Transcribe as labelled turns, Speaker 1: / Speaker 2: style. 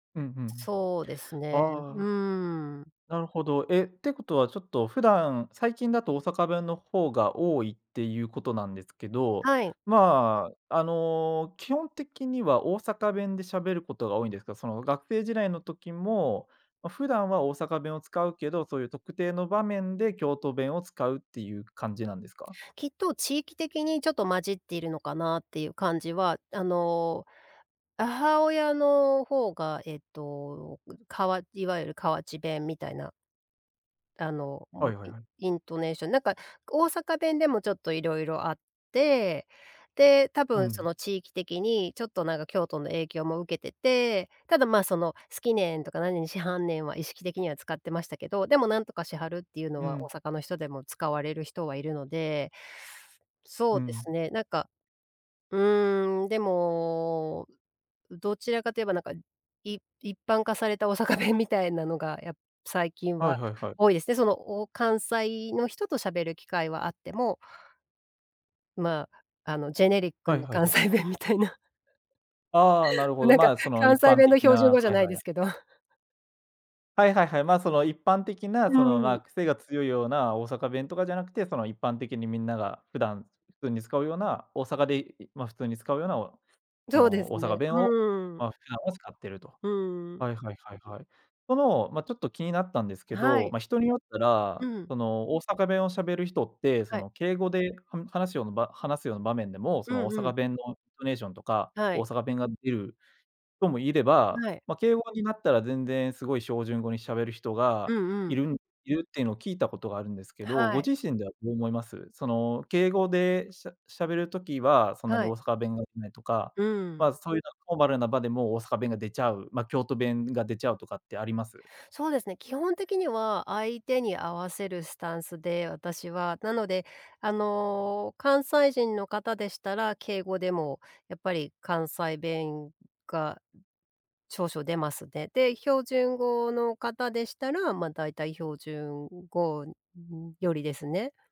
Speaker 1: うん、ふん。
Speaker 2: そうですね、う
Speaker 1: ああ、
Speaker 2: ーん。
Speaker 1: なるほど。え、ってことはちょっと普段、最近だと大阪弁のほうが多いっていうことなんですけど、
Speaker 2: はい。
Speaker 1: まあ、あの基本的には大阪弁でしゃべることが多いんですか、その学生時代の時も、ま、普段は大阪弁を使うけど、そういう特定の場面で京都弁を使うっていう感じなんですか？
Speaker 2: きっと地域的にちょっと混じっているのかなっていう感じは、あの、母親のほうが、えっと、ぐかわいわゆる河内弁みたいな。だの、む
Speaker 1: はいはい
Speaker 2: イ
Speaker 1: はい。
Speaker 2: イントネーション、なんか大阪弁でもちょっといろいろあって、で、多
Speaker 1: う
Speaker 2: 分そ
Speaker 1: ん。
Speaker 2: の地域的にちょっと、なんか京都の影響も受けてて、ただまあ、その「好きねん」とか「何々しはんねん」は意識的には使ってましたけど、でも「何とかしはる」っていうの
Speaker 1: う
Speaker 2: は大
Speaker 1: ん。
Speaker 2: 阪の人でも使われる人はいるので。そ
Speaker 1: う
Speaker 2: うです
Speaker 1: ん。
Speaker 2: ね、なんか、うーん、でも、どちらかと言えば、なんか、い一般化された大阪弁みたいなのが、や最近
Speaker 1: はい
Speaker 2: は
Speaker 1: はいはい。
Speaker 2: 多いですね。そのお関西の人と喋る機会はあってもまあ、あの、ジェネリック
Speaker 1: はい
Speaker 2: な
Speaker 1: はい
Speaker 2: 関
Speaker 1: はい。
Speaker 2: 西弁みたいな。
Speaker 1: ああ、なるほど。
Speaker 2: なんか、
Speaker 1: まあ、その
Speaker 2: 関
Speaker 1: 一
Speaker 2: 西
Speaker 1: 般
Speaker 2: 弁の
Speaker 1: 的
Speaker 2: 標準語
Speaker 1: な、
Speaker 2: じゃ
Speaker 1: はい
Speaker 2: ない
Speaker 1: はい、
Speaker 2: で
Speaker 1: や
Speaker 2: すけど。
Speaker 1: はいはいはい。ま、その一般的
Speaker 2: う
Speaker 1: なそ
Speaker 2: ん
Speaker 1: の、
Speaker 2: うんうん。
Speaker 1: ま、癖が強いような大阪弁とかじゃなくて、その一般的にみんなが普段、ふんに使うような、大阪で、いいまあ、普通に使うような、およそ
Speaker 2: どうで
Speaker 1: の
Speaker 2: す
Speaker 1: 大阪
Speaker 2: ね、
Speaker 1: 弁を、
Speaker 2: うーん。
Speaker 1: ま、普段を使ってると。
Speaker 2: うーん。
Speaker 1: はいはいはいはい。その、ま、ちょっと気になったんですけ
Speaker 2: は
Speaker 1: ど、
Speaker 2: い。
Speaker 1: ま、人によった
Speaker 2: う
Speaker 1: ら、
Speaker 2: ん。
Speaker 1: その大阪弁を喋る人って、そ
Speaker 2: はい。
Speaker 1: の敬語で、はん話しような場話すような場面でも、
Speaker 2: う
Speaker 1: その大
Speaker 2: んう
Speaker 1: 阪
Speaker 2: ん。
Speaker 1: 弁のイントネーションとか、
Speaker 2: は
Speaker 1: 大
Speaker 2: い。
Speaker 1: 阪弁が出るともいれば、
Speaker 2: はい。
Speaker 1: ま、敬語になったら全然すごいしょうじゅん語に喋る人
Speaker 2: う
Speaker 1: が、
Speaker 2: んう
Speaker 1: い
Speaker 2: ん。
Speaker 1: るんいるっていうのを聞いたことがあるんですけど、ご
Speaker 2: はい。
Speaker 1: 自身ではどう思います？その敬語で、しゃ喋る時は、そんなに
Speaker 2: はい。
Speaker 1: 大阪弁が出ないとか、
Speaker 2: うん。
Speaker 1: ま、そういうフォーマルな場でも大阪弁が出ちゃう、ま、京都弁が出ちゃうとかってあります？
Speaker 2: そうですね、基本的には相手に合わせるスタンスで、私は。なので、あの、関西人の方でしたら、敬語でもやっぱり関西弁が、少々出ますね。で、標準語の方でしたら、まあ、大体標準語、うーん、寄りですね。